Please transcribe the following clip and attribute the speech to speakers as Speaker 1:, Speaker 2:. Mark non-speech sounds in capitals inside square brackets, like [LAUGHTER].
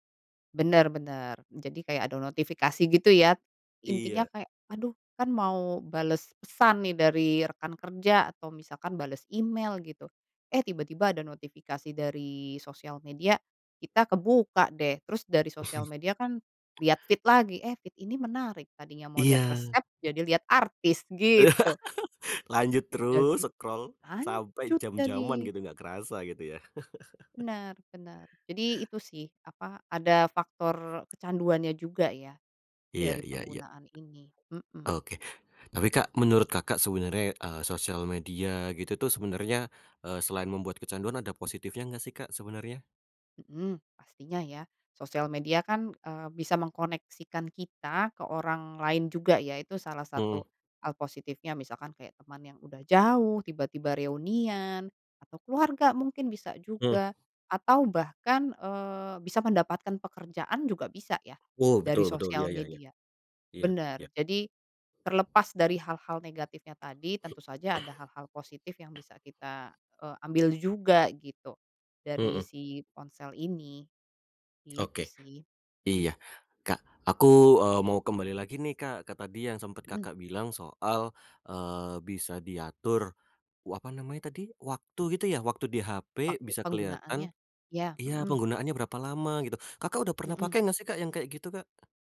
Speaker 1: Bener bener jadi kayak ada notifikasi gitu ya. Intinya
Speaker 2: Iya.
Speaker 1: kayak aduh kan mau bales pesan nih dari rekan kerja atau misalkan bales email gitu, eh tiba-tiba ada notifikasi dari sosial media, kita kebuka deh, terus dari sosial
Speaker 2: [CHUCKLES]
Speaker 1: media kan liat feed lagi, eh feed ini menarik, tadinya mau liat
Speaker 2: Iya.
Speaker 1: resep jadi liat artis, gitu.
Speaker 2: [LAUGHS] Lanjut
Speaker 1: Jadi
Speaker 2: terus scroll sampai
Speaker 1: lanjut
Speaker 2: jam-jaman
Speaker 1: jadi.
Speaker 2: gitu ga kerasa gitu ya. [CHUCKLES]
Speaker 1: Bener bener jadi itu sih apa, ada faktor kecanduannya juga ya
Speaker 2: Iya
Speaker 1: dari
Speaker 2: iya iya.
Speaker 1: penggunaan ini, mhm.
Speaker 2: Oke, tapi Kak menurut Kakak sebenernya, eee, sosial media gitu tuh sebenernya, eee, selain membuat kecanduan ada positifnya gak sih Kak sebenernya?
Speaker 1: Mhm, pastinya ya, sosial media kan, eee, bisa mengkoneksikan kita ke orang lain juga ya itu salah
Speaker 2: Mhm.
Speaker 1: satu hal positifnya, misalkan kayak teman yang udah jauh, tiba-tiba reunian, atau keluarga mungkin bisa
Speaker 2: Mmm.
Speaker 1: juga. Atau bahkan, eee, bisa mendapatkan pekerjaan juga bisa ya
Speaker 2: Oh
Speaker 1: dari
Speaker 2: betul betul betul, iya
Speaker 1: sosial
Speaker 2: iya iya.
Speaker 1: media.
Speaker 2: Iya,
Speaker 1: Bener,
Speaker 2: iya.
Speaker 1: jadi terlepas dari hal-hal negatifnya tadi tentu saja ada hal-hal positif yang
Speaker 2: [CLEARS THROAT]
Speaker 1: bisa kita, eee, ambil juga gitu dari
Speaker 2: Mhm.
Speaker 1: si ponsel ini, gitu
Speaker 2: Oke,
Speaker 1: sih, mhm.
Speaker 2: iya. Kak aku, eee, mau kembali lagi nih Kak ke tadi yang sempet
Speaker 1: Mhm.
Speaker 2: Kakak bilang soal, eee, bisa diatur wa apa namanya tadi, waktu gitu ya, waktu di HP
Speaker 1: Waktu
Speaker 2: bisa kelihatan
Speaker 1: penggunaannya, iya,
Speaker 2: iya
Speaker 1: mhm.
Speaker 2: penggunaannya berapa lama gitu, Kakak udah pernah
Speaker 1: Mhm.
Speaker 2: pakai gak sih Kak yang kayak gitu Kak?